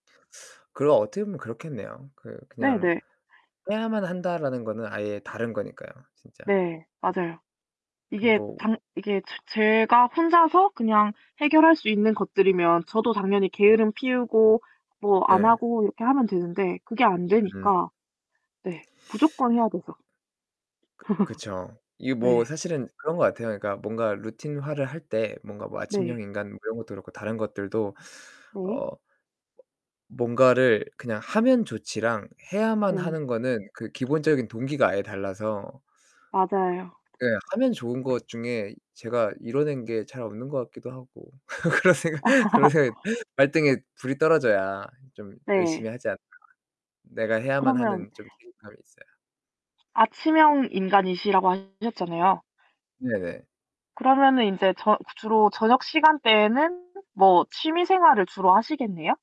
그리고 어떻게 보면 그렇겠네요. 그 그냥 네네. 해야만 한다라는 거는 아예 다른 거니까요, 진짜. 네. 맞아요. 그 이게 뭐 당 이게 제 제가 혼자서 그냥 해결할 수 있는 것들이면 저도 당연히 게으름 피우고 뭐 안 예. 하고 이렇게 하면 되는데 그게 안 음. 되니까 네, 무조건 해야 되죠. 그 그쵸. 이게 뭐 네. 사실은 그런 것 같아요. 그러니까 뭔가 루틴화를 할 때 뭔가 뭐 아침형 네. 인간 이런 것도 그렇고 다른 것들도 네. 어 뭔가를 그냥 하면 좋지랑 해야만 네. 하는 거는 그 기본적인 동기가 아예 달라서 맞아요. 그냥 하면 좋은 것 중에 제가 이뤄낸 게 잘 없는 것 같기도 하고. 그런 생각 그런 생각이 발등에 불이 떨어져야 좀 열심히 네. 하지 않을까. 내가 해야만 그러면 하는 좀 그런 감이 있어야. 아침형 인간이시라고 하셨잖아요. 네네. 그러면은 인제 저 주로 저녁 시간대에는 뭐 취미 생활을 주로 하시겠네요?